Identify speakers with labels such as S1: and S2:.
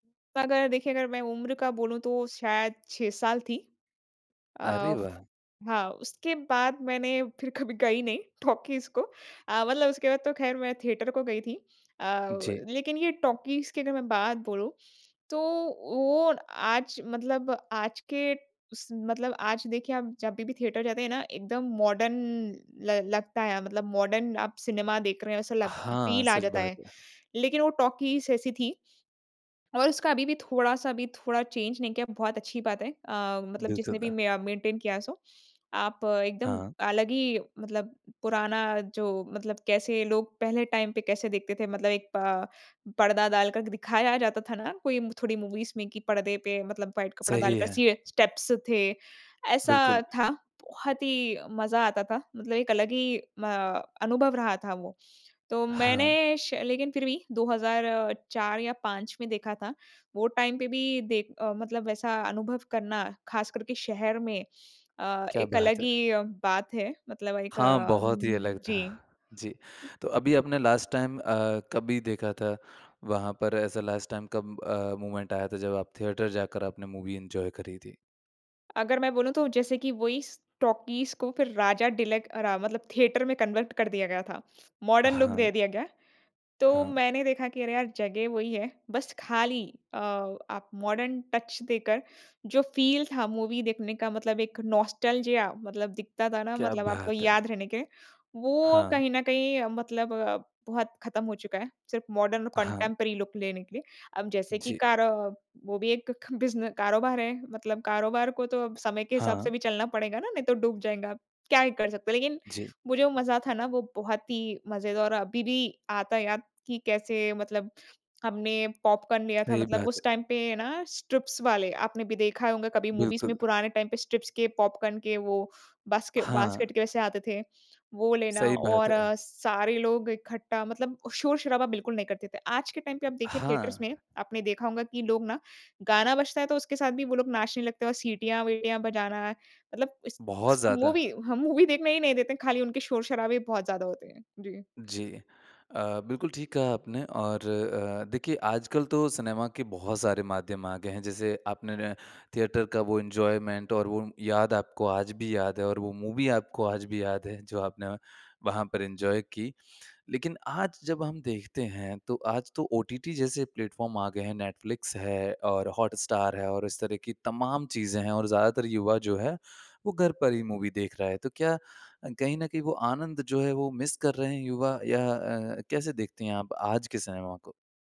S1: अगर देखिए अगर मैं उम्र का बोलूँ तो शायद 6 साल थी। अ,
S2: अरे वाह!
S1: हाँ, उसके बाद मैंने फिर कभी गई नहीं टॉकीज़ को, अ मतलब उसके बाद तो ख़ैर मैं थिएटर को गई थी। अ,
S2: जी।
S1: लेकिन ये टॉकीज़ की अगर मैं बात बोलूँ तो वो आज मतलब आज के स मतलब आज देखिए आप जभी भी थिएटर जाते हैं ना एकदम मॉडर्न ल लगता है मतलब मॉडर्न आप सिनेमा देख रहे हैं ऐसा लग
S2: हाँ,
S1: फ़ील आ
S2: सच
S1: जाता
S2: बात
S1: है।
S2: है।
S1: लेकिन वो टॉकीज़ ऐसी थी, और उसका अभी भी थोड़ा-सा भी थोड़ा चेंज़ नहीं किया बहुत अच्छी बात है अ, मतलब जिसने भी
S2: [unintelligible]
S1: मे मेंटेन किया सो। आप एकदम
S2: हाँ।
S1: अलग ही मतलब पुराना जो मतलब कैसे लोग पहले टाइम पे कैसे देखते थे मतलब एक प पर्दा डालकर दिखाया जाता था ना कोई थोड़ी मूवीज़ में कि पर्दे पे मतलब व्हाइट कपड़ा
S2: सही
S1: डालकर
S2: है।
S1: सीए स्टेप्स थे ऐसा
S2: बिल्कुल।
S1: था। बहुत ही मज़ा आता था मतलब एक अलग ही म अनुभव रहा था वो। तो
S2: हाँ।
S1: मैंने श लेकिन फिर भी 2004 या 5 में देखा था, वो टाइम पे भी दे अ, मतलब वैसा अनुभव करना ख़ास करके शहर में अ,
S2: क्या
S1: एक
S2: बात
S1: अलग
S2: है।
S1: ही बात है मतलब एक
S2: हाँ, बहुत ही
S1: अम्म,
S2: अलग था।
S1: जी।
S2: जी, तो अभी आपने लास्ट टाइम अ, कभी देखा था वहाँ पर ऐसा लास्ट टाइम कब अ, मूवमेंट आया था जब आप थिएटर जाकर आपने मूवी एन्जॉय करी थी?
S1: अगर मैं बोलूँ तो जैसे कि वही स टॉकीज़ को फिर राजा डीलक अरा मतलब थिएटर में कन्वर्ट कर दिया गया था, मॉडर्न लूक दे
S2: हाँ।
S1: दिया गया। तो
S2: हाँ।
S1: मैंने देखा कि अरे यार जगह वही है बस खाली अ आप मॉडर्न टच देकर जो फ़ील था मूवी देखने का मतलब एक नॉस्टेल्जिया मतलब दिखता था ना
S2: क्या
S1: मतलब आपको
S2: बात
S1: याद
S2: है।
S1: रहने के वो
S2: हाँ।
S1: कहीं न कहीं मतलब बहुत ख़त्म हो चुका है सिर्फ़ मॉडर्न
S2: हाँ।
S1: कंटेम्पोरेरी लूक लेने के लिए। अब जैसे कि
S2: जी।
S1: कार वो भी एक ख बिज़ने कारोबार है मतलब कारोबार को तो अब समय के हिसाब से
S2: हाँ।
S1: भी चलना पड़ेगा ना नहीं तो डूब जाएँगा। क्या ही कर सकते हैं लेकिन
S2: जी।
S1: वो जो मज़ा था ना वो बहुत ही मज़ेदार और अभी भी आता है याद कि कैसे मतलब हमने पॉपकॉर्न लिया था
S2: सही
S1: मतलब
S2: बात
S1: उस
S2: है।
S1: टाइम पे ना स्ट्रिप्स वाले आपने भी देखा होंगा कभी मूवीज़ में
S2: बिल्कुल।
S1: पुराने टाइम पे स्ट्रिप्स के पॉपकॉर्न के वो बास्के
S2: हाँ।
S1: बास्केट के वैसे आते थे, वो लेना
S2: सही बात
S1: और
S2: है।
S1: सारे लोग इकट्ठा मतलब शोर-शराबा बिल्कुल नहीं करते थे। आज के टाइम पे आप देखिए थिएटर्स
S2: हाँ।
S1: में आपने देखा होंगा कि लोग ना गाना बजता है तो उसके साथ भी वो लोग नाचने लगते हैं और सीटियाँ-वीटियाँ बजाना। मतलब इस
S2: बहुत
S1: [unintelligible]
S2: ज़्यादा।
S1: मूवी हम मूवी देखने ही नहीं देते हैं खाली उनके शोर-शराबे ही बहुत ज़्यादा होते हैं, जी।
S2: जी। अ, बिल्कुल ठीक कहा आपने और अ, देखिए आजकल तो सिनेमा के बहुत सारे माध्यम आ गए हैं जैसे आपने न थिएटर का वो एन्जॉयमेंट और वो याद आपको आज भी याद है और वो मूवी आपको आज भी याद है जो आपने वहाँ पर एन्जॉय की। लेकिन आज जब हम देखते हैं तो आज तो ओटीटी जैसे प्लेटफ़ॉर्म आ गए हैं नेटफ्लिक्स है और हॉटस्टार है और इस तरह की तमाम चीज़ें हैं और ज़्यादातर युवा जो है वो घर पर ही मूवी देख रहा है। तो क्या अ, कहीं न कहीं वो आनंद जो है वो मिस कर रहे हैं युवा या अ, कैसे देखती हैं आप आज के सिनेमा को?